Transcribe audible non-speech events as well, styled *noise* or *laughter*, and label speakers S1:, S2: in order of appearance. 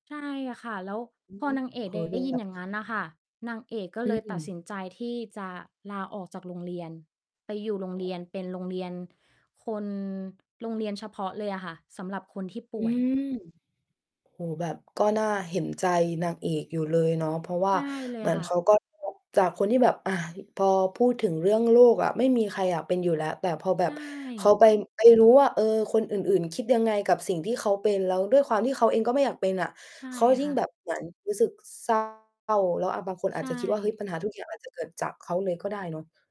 S1: ใช่ค่ะ แล้ว
S2: อื
S1: พ
S2: อ
S1: อ
S2: ฮึ
S1: นางเอก
S2: เ
S1: ด
S2: ฮ้ย
S1: ไ
S2: ม
S1: ด
S2: ั
S1: ้
S2: น
S1: ยิ
S2: แบ
S1: นอ
S2: บ
S1: ย่างงั้นน่ะค่ะ นางเอกก็
S2: อื
S1: เลยตัดส
S2: ม
S1: ินใจที่จะลาออกจากโรงเรียน ไปอยู่โรงเรียน เป็นโรงเรียนคน โรงเรียนเฉพาะเลยอะค่ะ สำหรับคนที่ป
S2: อื
S1: ่วย
S2: ม โอ้โฮ แบบก็น่าเห็น ใจนางเอกอยู่เลยเนาะ เพราะว่
S1: ใ
S2: า
S1: ช่เล
S2: เ
S1: ย
S2: หม
S1: อ
S2: ื
S1: ะ
S2: อน
S1: ค่
S2: เข
S1: ะ
S2: าก็ *unintelligible* จากคนที่แบบ อา พอพูดถึงเรื่องโรคอะ ไม่มีใครอยากเป็นอยู่แล้ว แต่พอแบ
S1: ใช
S2: บเขาไ
S1: ่
S2: ป ไปรู้ว่า เออ คนอื่น ๆ คิดยังไงกับสิ่งที่เขาเป็น แล้วด้วยความที่เขาเองก็ไม่อยากเป็นอะ
S1: ใช่
S2: เขายิ
S1: ค
S2: ่ง
S1: ่
S2: แ
S1: ะ
S2: บบเหมือนรู้สึก เศร้า แล้ว อา บางคนอ
S1: ใช
S2: าจจะคิดว่า เฮ้ย
S1: ่
S2: ปัญหา ทุกอย่างอาจจะเกิด จากเขาเลยก็ได้เนาะ